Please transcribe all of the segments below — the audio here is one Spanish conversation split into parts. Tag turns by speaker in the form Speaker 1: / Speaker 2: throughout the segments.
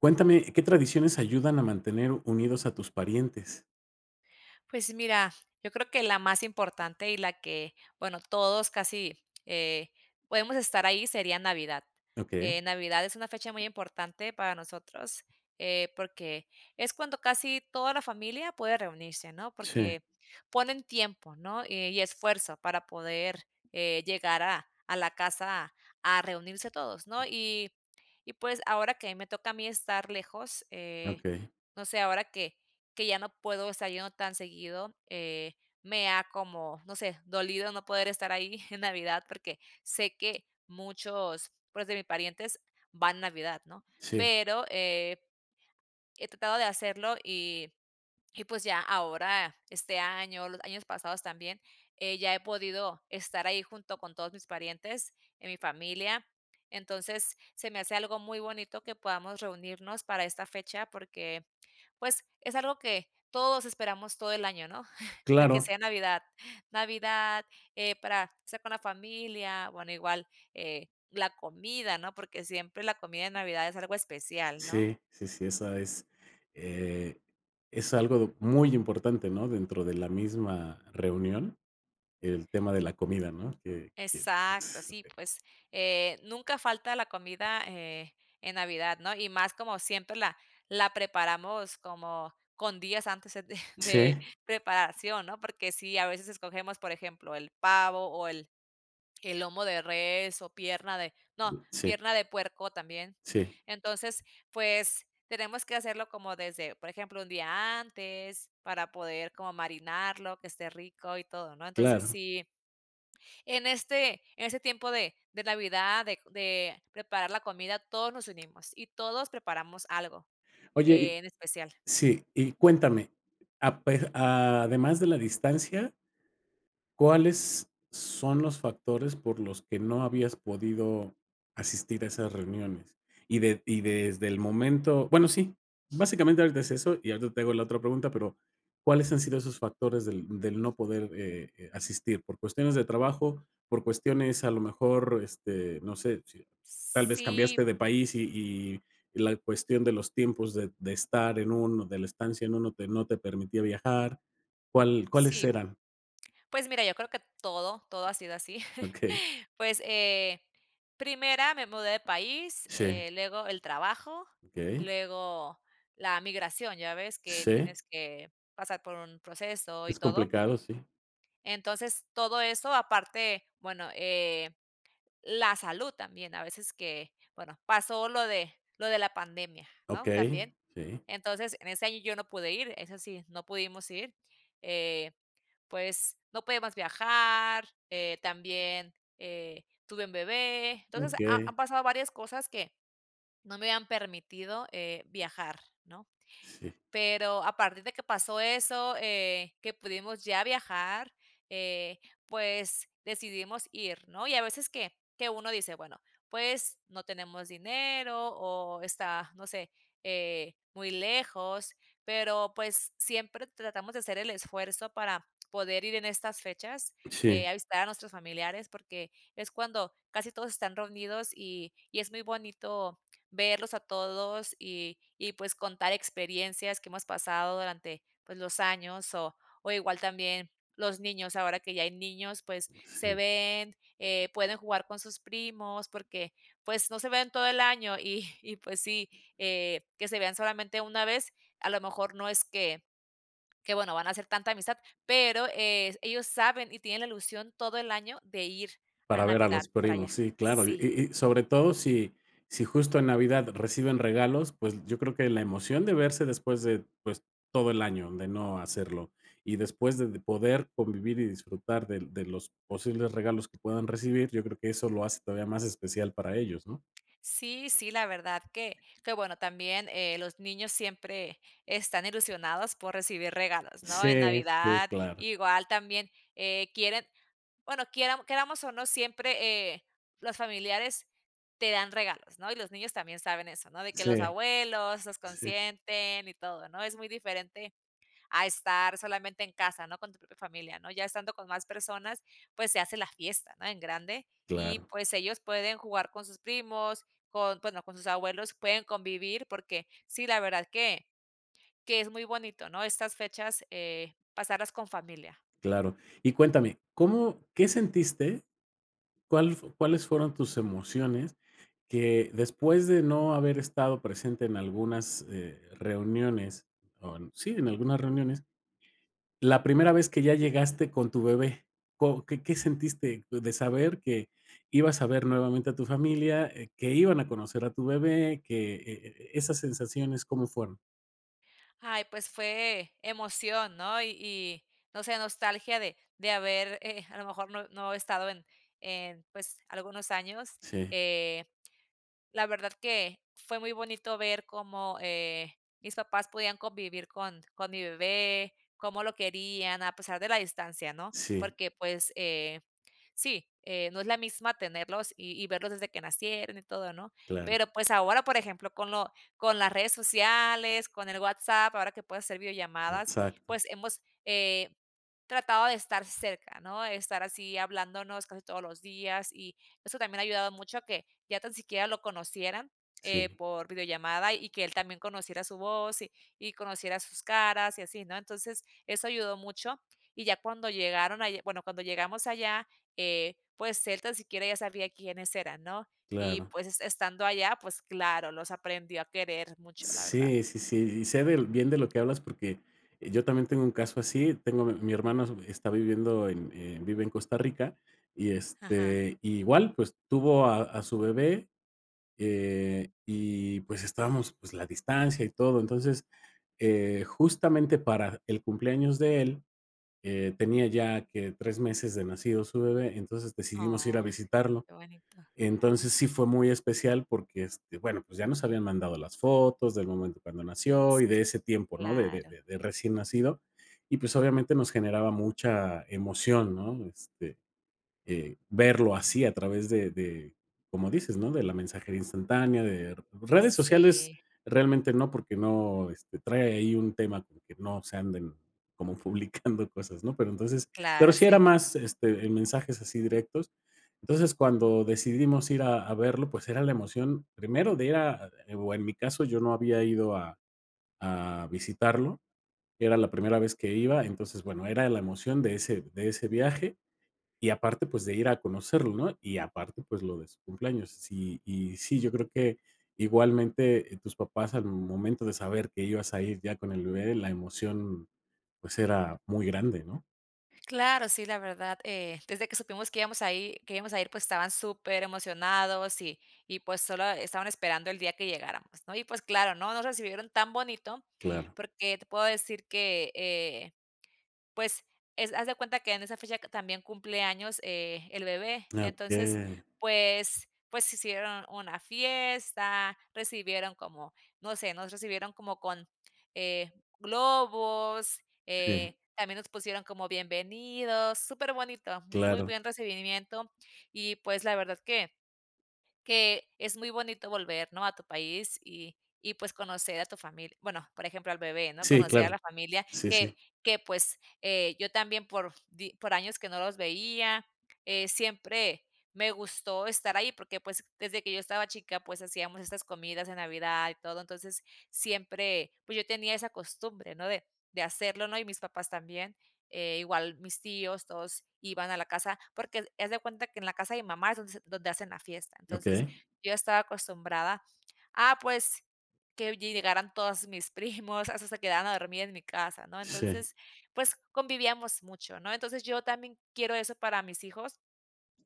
Speaker 1: ¿Cuéntame qué tradiciones ayudan a mantener unidos a tus parientes?
Speaker 2: Pues mira, yo creo que la más importante, y la que bueno todos casi, eh, podemos estar ahí sería Navidad.
Speaker 1: Okey.
Speaker 2: Eh, Navidad es una fecha muy importante para nosotros, eh, porque es cuando casi toda la familia puede reunirse, ¿no?
Speaker 1: Sí.
Speaker 2: Porque ponen tiempo, ¿no? Eh, y esfuerzo para poder, eh, llegar a a la casa a reunirse todos, ¿no? Y y pues, ahora que me toca a mí estar lejos, eh,
Speaker 1: Okey.
Speaker 2: no sé, ahora que que ya no puedo estar yendo tan seguido, eh, me ha como, no sé, dolido no poder estar ahí en Navidad, porque sé que muchos, pues, de mis parientes van en Navidad, ¿no?
Speaker 1: Sí.
Speaker 2: Pero, eh eh, tratado de hacerlo, y- y pues, ya ahora este año, los años pasados también, eh, ya he podido estar ahí junto con todos mis parientes en mi familia. Entonces se me hace algo muy bonito que podamos reunirnos para esta fecha porque, pues, es algo que todos esperamos todo el año, ¿no? De que
Speaker 1: Claro.
Speaker 2: sea Navidad. Navidad, eh, para estar con la familia. Bueno igual, eh, la comida, ¿no? Porque siempre la comida de Navidad es algo especial, ¿no?
Speaker 1: Sí, sí, sí, esa es eh, es algo muy importante, ¿no? Dentro de la misma reunión, el tema de la comida, ¿no? Que que,
Speaker 2: Exacto,
Speaker 1: s
Speaker 2: sí pues, eh, nunca falta la comida eh en Navidad, ¿no? Y más como siempre la la preparamos como con días antes de de
Speaker 1: Sí.
Speaker 2: preparación, ¿no? Porque si a veces escogemos, por ejemplo, el pavo, o, el el lomo de res, o, pierna de no,
Speaker 1: Sí.
Speaker 2: pierna de puerco también.
Speaker 1: Sí.
Speaker 2: Entonces, pues, tenemos que hacerlo como desde, por ejemplo, 1 día antes para poder como marinarlo, que esté rico y todo, ¿no? Entonces
Speaker 1: Claro.
Speaker 2: si en este en este tiempo de de Navidad, de de preparar la comida, todos nos unimos, y todos preparamos algo,
Speaker 1: Oye y
Speaker 2: eh, en especial.
Speaker 1: Sí, y cuéntame a pe a además de la distancia ¿cuáles son los factores por los que no habías podido asistir a esas reuniones? ¿Y de y desde el momento? Bueno, sí, básicamente ahorita es eso, y ahorita te hago la otra pregunta, pero, ¿cuáles han sido esos factores del del no poder, eh, eh, asistir? Por cuestiones de trabajo, por cuestiones a lo mejor, este, no sé, si tal vez
Speaker 2: Sí.
Speaker 1: cambiaste de país, y y la cuestión de los tiempos de de estar en un de la estancia en uno que no te permitía viajar. ¿Cuál cuáles
Speaker 2: Sí.
Speaker 1: eran?
Speaker 2: Pues, mira yo creo que todo todo ha sido así.
Speaker 1: Okey.
Speaker 2: Pues, eh, primera me mudé de país,
Speaker 1: Sí.
Speaker 2: eh, luego el trabajo,
Speaker 1: Okey.
Speaker 2: luego la migración, ya ves que
Speaker 1: ¿Sí?
Speaker 2: tienes que pasar por un proceso y
Speaker 1: Es
Speaker 2: todo.
Speaker 1: complicado, sí.
Speaker 2: Entonces todo eso aparte bueno, eh, la salud también a veces que bueno pasó lo de lo de la pandemia, ¿no?,
Speaker 1: Okey,
Speaker 2: también.
Speaker 1: sí.
Speaker 2: Entonces en este año yo no pude ir, eso sí, no pudimos ir, eh, pues, no podíamos viajar. Eh, también, eh, tuve un bebé. Entonces, ha
Speaker 1: Okey.
Speaker 2: han pasado varias cosas que no me habían permitido, eh, viajar, ¿no?
Speaker 1: Sí.
Speaker 2: Pero a partir de que pasó eso, eh, que pudimos ya viajar, eh, pues, decidimos ir, ¿no? Y a veces que que uno dice: "Bueno, pues, no tenemos dinero, o, está no sé, eh, muy lejos", pero, pues, siempre tratamos de hacer el esfuerzo para poder ir en estas fechas,
Speaker 1: Sí.
Speaker 2: eh, a visitar a nuestros familiares. Porque es cuando casi todos están reunidos, y y es muy bonito verlos a todos, y y pues contar experiencias que hemos pasado durante pues los años. O o, igual también los niños ahora que ya hay niños pues se
Speaker 1: Sí.
Speaker 2: ven, eh, pueden jugar con sus primos porque pues no se ven todo el año. Y y pues sí, eh, que se vean solamente una vez, a lo mejor no es que que bueno van a hacer tanta amistad, pero es ellos saben, y tienen la ilusión todo el año de ir a
Speaker 1: Para ver a
Speaker 2: Navidad
Speaker 1: los
Speaker 2: para allá.
Speaker 1: primos. Sí, claro, y-
Speaker 2: Sí
Speaker 1: y sobre todo si si justo en Navidad reciben regalos, pues, yo creo que la emoción de verse después de, pues, todo el año de no hacerlo. Y después de de poder convivir y disfrutar del de los posibles regalos que puedan recibir, yo creo que eso lo hace todavía más especial para ellos, ¿no?
Speaker 2: Sí, sí, la verdad que que bueno también, eh, los niños siempre están ilusionados por recibir regalos, ¿no? En
Speaker 1: Sí, sí,
Speaker 2: Navidad,
Speaker 1: claro.
Speaker 2: igual también, eh, quieren, bueno, quieram queramos, o, no siempre, eh, los familiares te dan regalos, ¿no? Y los niños también saben eso, ¿no? De que los
Speaker 1: Sí,
Speaker 2: abuelos los
Speaker 1: sí.
Speaker 2: consienten y todo, ¿no? Es muy diferente a estar solamente en casa, ¿no? Con tu propia familia, ¿no? Ya estando con más personas, pues, se hace la fiesta, ¿no? En grande, y
Speaker 1: Claro.
Speaker 2: pues, ellos pueden jugar con sus primos, con bueno con sus abuelos pueden convivir, porque sí la verdad que que es muy bonito, ¿no? Estas fechas, eh, pasarlas con familia.
Speaker 1: Claro y cuéntame, ¿cómo qué sentiste? ¿Cuál f cuáles fueron tus emociones? Que después de no haber estado presente en algunas, eh, reuniones on sí, en algunas reuniones. La primera vez que ya llegaste con tu bebé, ¿co qué qué sentiste d de saber que ibas a ver nuevamente a tu familia, eh, que iban a conocer a tu bebé, que, eh eh, esas sensaciones cómo fueron?
Speaker 2: Ay, pues fue emoción, ¿no?, y y no sé, nostalgia de de haber, eh, a lo mejor no no estado en en pues algunos años.
Speaker 1: Sí.
Speaker 2: Eh, la verdad que fue muy bonito ver cómo, eh, mis papás podían convivir con con mi bebé, cómo lo querían a pesar de la distancia, ¿no?
Speaker 1: Sí.
Speaker 2: Porque pues, eh, sí, eh, no es la misma tenerlos y y verlos desde que nacieron y todo, ¿no?
Speaker 1: Claro.
Speaker 2: Pero, pues, ahora por ejemplo con lo con las redes sociales, con el WhatsApp, ahora que puedes hacer videollamadas,
Speaker 1: Exacto.
Speaker 2: pues hemos, eh, tratado de estar cerca, ¿no? Estar así hablándonos casi todos los días y eso también ha ayudado mucho a que ya tan siquiera lo conocieran, eh,
Speaker 1: Sí.
Speaker 2: por videollamada y que él también conociera su voz y y conociera sus caras y así, ¿no? Entonces, eso ayudó mucho y ya cuando llegaron allá, bueno, cuando llegamos allá, eh, pues él tan siquiera ya sabía quiénes eran, ¿no?, y
Speaker 1: Claro.
Speaker 2: pues estando allá, pues claro, los aprendió a querer mucho, la verdad.
Speaker 1: Sí, sí, sí. Y sé del bien de lo que hablas porque yo también tengo un caso así. Tengo a mi mi hermano está viviendo en en vive en Costa Rica y
Speaker 2: Ajá.
Speaker 1: este, igual, pues tuvo a a su bebé, eh, y pues estábamos, pues, la distancia y todo. Entonces, eh, justamente para el cumpleaños de él, eh, tenía ya que 3 meses de nacido su bebé, entonces decidimos ir a
Speaker 2: Ay,
Speaker 1: visitarlo.
Speaker 2: qué bonito.
Speaker 1: Entonces sí fue muy especial porque, este, bueno, pues ya nos habían mandado las fotos del momento cuando nació y de
Speaker 2: Sí,
Speaker 1: ese tiempo, ¿no?, de de
Speaker 2: claro.
Speaker 1: de recién nacido y, pues, obviamente nos generaba mucha emoción, ¿no? Este, eh, verlo así a través de de como dices ¿no? De la mensajería instantánea. De redes sociales
Speaker 2: Sí.
Speaker 1: realmente no porque no, este, trae ahí un tema como que no se anden como publicando cosas, ¿no?, pero entonces pero
Speaker 2: Claro,
Speaker 1: sí era
Speaker 2: sí.
Speaker 1: más este, eh, mensajes así directos. Entonces, cuando decidimos ir a verlo, pues era la emoción primero de ir a o en mi caso, yo no había ido a a visitarlo, era la primera vez que iba. Entonces, bueno, era la emoción de ese de ese viaje y aparte, pues, de ir a conocerlo, ¿no? Y aparte, pues lo de su cumpleaños. Sí y sí, yo creo que igualmente, eh, tus papás al momento de saber que ibas a ir ya con el bebé, la emoción, pues, era muy grande, ¿no?
Speaker 2: Claro, sí, la verdad, eh, desde que supimos que íbamos a ir que íbamos a ir, pues, estaban superemocionados, y y pues, solo estaban esperando el día que llegáramos, ¿no? Y pues claro, ¿no? Nos recibieron tan bonito,
Speaker 1: Claro.
Speaker 2: porque, te puedo decir que, eh, pues, es haz de cuenta que en esa fecha, que también cumple años, eh, el bebé, entonces,
Speaker 1: Okey.
Speaker 2: pues pues, hicieron una fiesta, recibieron como no sé, nos recibieron como con, eh, globos,
Speaker 1: Sí.
Speaker 2: eh, también nos pusieron como bienvenidos, superbonito, muy
Speaker 1: Claro.
Speaker 2: buen recibimiento, y pues, la verdad, que que es muy bonito volver, ¿no? A tu país, y y pues conocer a tu familia, bueno, por ejemplo al bebé, ¿no?
Speaker 1: Sí,
Speaker 2: Conocer a
Speaker 1: claro.
Speaker 2: la familia,
Speaker 1: Sí, sí.
Speaker 2: que que, pues, eh, yo también por di por años que no los veía, eh, siempre me gustó estar ahí, porque, pues, desde que yo estaba chica, pues, hacíamos estas comidas en Navidad y todo, entonces, siempre, pues, yo tenía esa costumbre, ¿no? De de hacerlo, ¿no? Y mis papás también, eh, igual mis tíos, todos iban a la casa, porque, haz haz de cuenta, que en la casa de mi mamá es donde s donde hacen la fiesta. Entonces,
Speaker 1: Okey.
Speaker 2: yo estaba acostumbrada, ah, pues, que llegaran todas mis primos, a veces, se quedaban a dormir en mi casa, ¿no?
Speaker 1: Sí.
Speaker 2: Entonces, pues, convivíamos mucho, ¿no? Entonces, yo también quiero eso para mis hijos,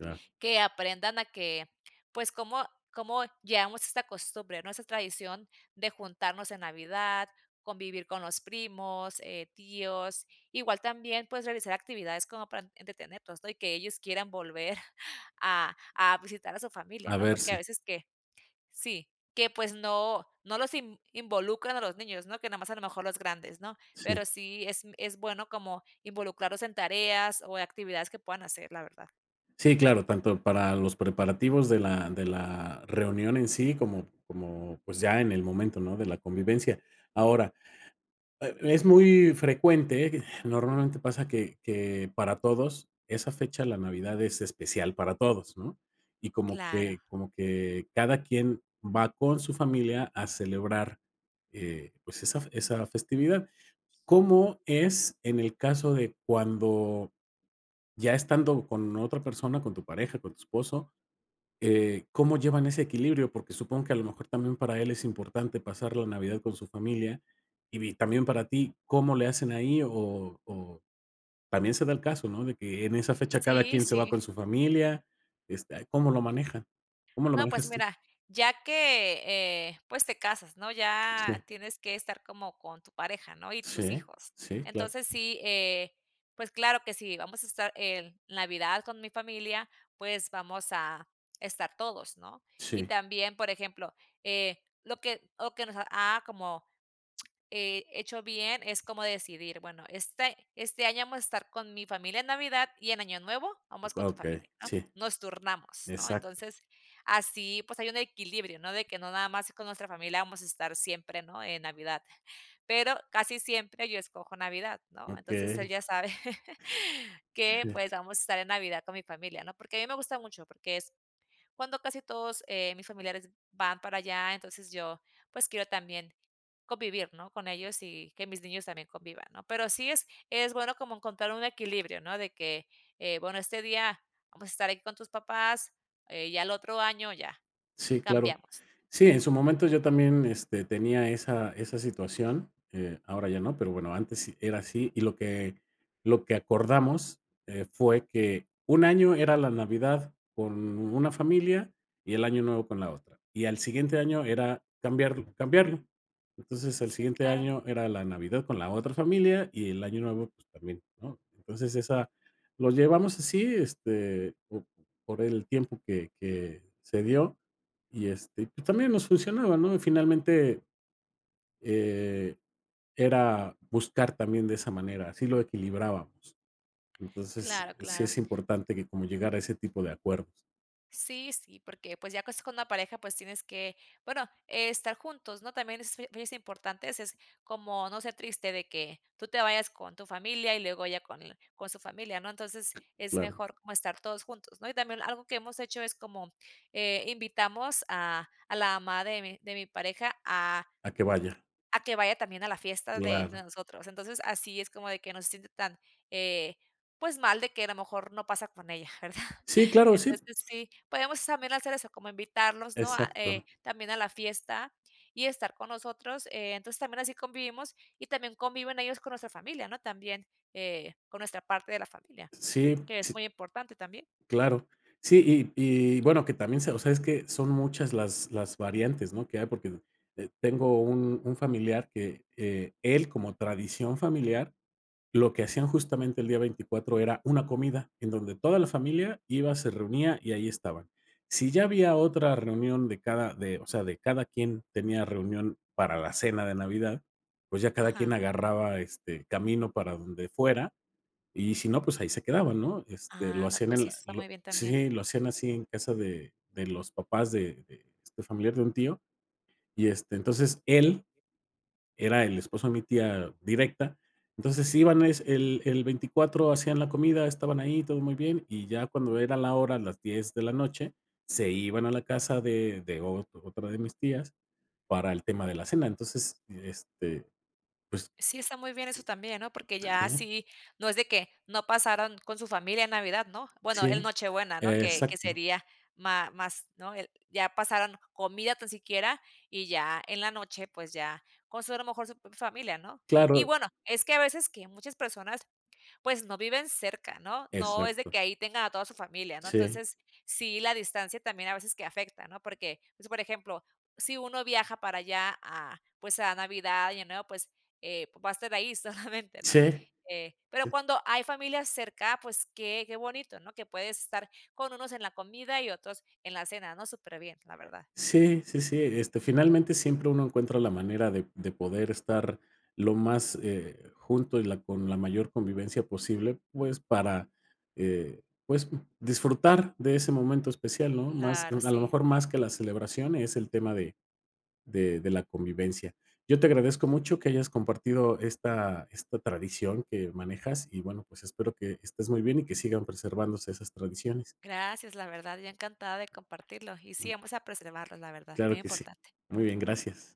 Speaker 1: Claro.
Speaker 2: que aprendan a que, pues, como como llevamos esta costumbre, ¿no? Esa tradición de juntarnos en Navidad, convivir con los primos, eh, tíos, igual también, pues, realizar actividades como para entre entretenerlos, ¿no? Y que ellos quieran volver, a a visitar a su familia,
Speaker 1: A
Speaker 2: ¿no? Porque, a
Speaker 1: verse.
Speaker 2: veces que sí, que pues, no no los inv involucran a los niños, ¿no? Que nada más, a lo mejor los grandes, ¿no? Pero
Speaker 1: Sí.
Speaker 2: sí, es es bueno, como involucrarlos en tareas o actividades, que puedan hacer la verdad.
Speaker 1: Sí, claro, tanto para los preparativos, de la de la reunión en sí, como como, pues, ya en el momento, ¿no? de la convivencia. Ahora, eh, es muy frecuente, eh, normalmente pasa que que para todos esa fecha, la Navidad es especial para todos, ¿no? Y como
Speaker 2: Claro.
Speaker 1: que como que cada quien va con su familia a celebrar, eh, pues, esa fe esa festividad, ¿cómo es en el caso de cuando, ya estando con otra persona, con tu pareja, con tu esposo? Eh, ¿cómo llevan ese equilibrio? Porque, supongo que a lo mejor también, para él es importante pasar la Navidad con su familia, y vi también para ti, ¿cómo le hacen ahí? O o también se da el caso, ¿no?, de que en esa fecha, cada
Speaker 2: Sí,
Speaker 1: quien se va
Speaker 2: sí.
Speaker 1: con su familia. Este, ¿cómo lo manejan? ¿Cómo lo
Speaker 2: No pues,
Speaker 1: manejas tú?
Speaker 2: mira ya que, eh, pues te casas, ¿no? Ya
Speaker 1: Sí.
Speaker 2: tienes que estar como con tu pareja, ¿no? Y tus
Speaker 1: Sí,
Speaker 2: hijos.
Speaker 1: sí, claro.
Speaker 2: Entonces sí, eh, pues, claro que sí. Vamos a estar en Navidad con mi familia, pues, vamos a estar todos, ¿no? Y
Speaker 1: Sí.
Speaker 2: también, por ejemplo, eh, lo que lo que nos ha, como, eh, hecho bien es como decidir, bueno este este año vamos a estar con mi familia en Navidad, y en Año Nuevo vamos con
Speaker 1: Ah,
Speaker 2: tu
Speaker 1: okey.
Speaker 2: familia, ¿no?
Speaker 1: Sí.
Speaker 2: Nos turnamos, ¿no?
Speaker 1: Exacto.
Speaker 2: Entonces, así pues, hay un equilibrio, ¿no? De que, no nada más con nuestra familia vamos a estar siempre, ¿no? En Navidad. Pero, casi siempre yo escojo Navidad, ¿no? Entonces, él
Speaker 1: Okey.
Speaker 2: ya sabe, que
Speaker 1: Sí.
Speaker 2: pues, vamos a estar en Navidad con mi familia, ¿no? Porque, a mí me gusta mucho, porque, es cuando casi todos, eh, mis familiares van para allá, entonces yo, pues, quiero también convivir, ¿no? con ellos, y que mis niños también convivan, ¿no? Pero sí, es es bueno como encontrar un equilibrio, ¿no? De que, eh, bueno, este día vamos a estar ahí con tus papás, eh, y al otro año ya.
Speaker 1: Sí, claro.
Speaker 2: Cambiamos, ¿no?
Speaker 1: Sí, en su momento, yo también, este tenía esa esa situación. Eh, ahora ya no, pero bueno, antes era así, y lo que lo que acordamos, eh, fue que un año era la Navidad con una familia y el Año Nuevo con la otra, y al siguiente año era cambiarlo cambiarlo. Entonces, el
Speaker 2: Sí,
Speaker 1: siguiente
Speaker 2: claro.
Speaker 1: año, era la Navidad con la otra familia y el Año Nuevo, pues, también, ¿no? Entonces esa lo llevamos así este, po por el tiempo que que se dio, y este, y pues, también nos funcionaba, ¿no? Y finalmente, eh, era buscar también de esa manera, así lo equilibrábamos. Entonces,
Speaker 2: Claro,
Speaker 1: eh, sí
Speaker 2: claro.
Speaker 1: es importante, que como llegar a ese tipo de acuerdos.
Speaker 2: Sí, sí, porque pues ya cos con una pareja pues tienes que bueno estar juntos, ¿no? También es fi es importante ese es como no ser triste de que tú te vayas con tu familia y luego ya con l con su familia, ¿no? Entonces es
Speaker 1: Claro.
Speaker 2: mejor como estar todos juntos, ¿no? Y también algo que hemos hecho es como, eh, invitamos a a la mamá de mi de mi pareja a
Speaker 1: A que vaya.
Speaker 2: a que vaya también a la fiesta de de
Speaker 1: Claro.
Speaker 2: nosotros entonces así es como de que no se siente tan, eh, pues mal de que a lo mejor no pasa con ella, ¿verdad?
Speaker 1: Sí, claro, sí.
Speaker 2: Entonces sí podemos también hacer eso como invitarlos, ¿no? A, eh,
Speaker 1: Exacto.
Speaker 2: también a la fiesta y estar con nosotros, eh, entonces también así convivimos y también conviven ellos con nuestra familia, ¿no? También, eh, con nuestra parte de la familia,
Speaker 1: Sí,
Speaker 2: que es
Speaker 1: sí.
Speaker 2: muy importante también.
Speaker 1: Claro. Sí, y y bueno que también se o sea, es que son muchas las las variantes, ¿no? Que hay porque, eh, tengo un un familiar que, eh, él como tradición familiar lo que hacían justamente el día 24 era una comida en donde toda la familia iba, se reunía y ahí estaban. Si ya había otra reunión de cada de o sea, de cada quien tenía reunión para la cena de Navidad, pues ya cada quien
Speaker 2: Ajá.
Speaker 1: agarraba este camino para donde fuera y si no, pues ahí se quedaban, ¿no? Este lo
Speaker 2: Anda
Speaker 1: hacían
Speaker 2: pues,
Speaker 1: en
Speaker 2: sí eso
Speaker 1: la
Speaker 2: está muy
Speaker 1: lo
Speaker 2: bien también.
Speaker 1: sí lo hacían así en casa de de los papás de de este familiar, de un tío y este, entonces él era el esposo de mi tía directa, entonces iban es el el 24 hacían la comida, estaban ahí, todo muy bien, y ya cuando era la hora las 10 de la noche se iban a la casa de de ot otra de mis tías para el tema de la cena. Entonces, este, pues.
Speaker 2: Sí está muy bien eso también, ¿no? Porque
Speaker 1: Está
Speaker 2: ya
Speaker 1: bien.
Speaker 2: así no es de que no pasaron con su familia en Navidad, ¿no? Bueno
Speaker 1: Sí,
Speaker 2: el Nochebuena, ¿no? Que que
Speaker 1: exacto.
Speaker 2: sería má más, ¿no? El, ya pasaron, comida tan siquiera y ya en la noche pues ya con su eh mejor su familia, ¿no? Y
Speaker 1: Claro.
Speaker 2: bueno, es que a veces que muchas personas, pues, no viven cerca, ¿no? No es de
Speaker 1: Exacto.
Speaker 2: que ahí tenga a toda su familia, ¿no?
Speaker 1: Sí.
Speaker 2: Entonces, sí la distancia también a veces que afecta, ¿no? Porque, pues, por ejemplo, si uno viaja para allá a pues, a Navidad y Año Nuevo, pues, eh, va a estar ahí solamente, ¿no?
Speaker 1: Sí,
Speaker 2: Eh, pero
Speaker 1: sí.
Speaker 2: cuando hay familias cerca pues que que bonito, ¿no? Que puedes estar con unos en la comida y otros en la cena, ¿no? Superbién la verdad.
Speaker 1: Sí, sí, sí. Este, finalmente, siempre uno encuentra la manera de de poder estar lo más, eh, junto y la con la mayor convivencia posible, pues, para, eh, pues, mm, disfrutar de ese momento especial, ¿no?, más de
Speaker 2: Claro,
Speaker 1: a lo
Speaker 2: sí.
Speaker 1: mejor más que la celebración es el tema de de de la convivencia. Yo te agradezco mucho que hayas compartido esta esta tradición que manejas y bueno pues espero que estés muy bien y que sigan preservándose esas tradiciones.
Speaker 2: Gracias, la verdad, yo encantada de compartirlo, y sí, vamos a preservarlos, la verdad, muy
Speaker 1: Claro que sí.
Speaker 2: importante.
Speaker 1: Muy bien, gracias.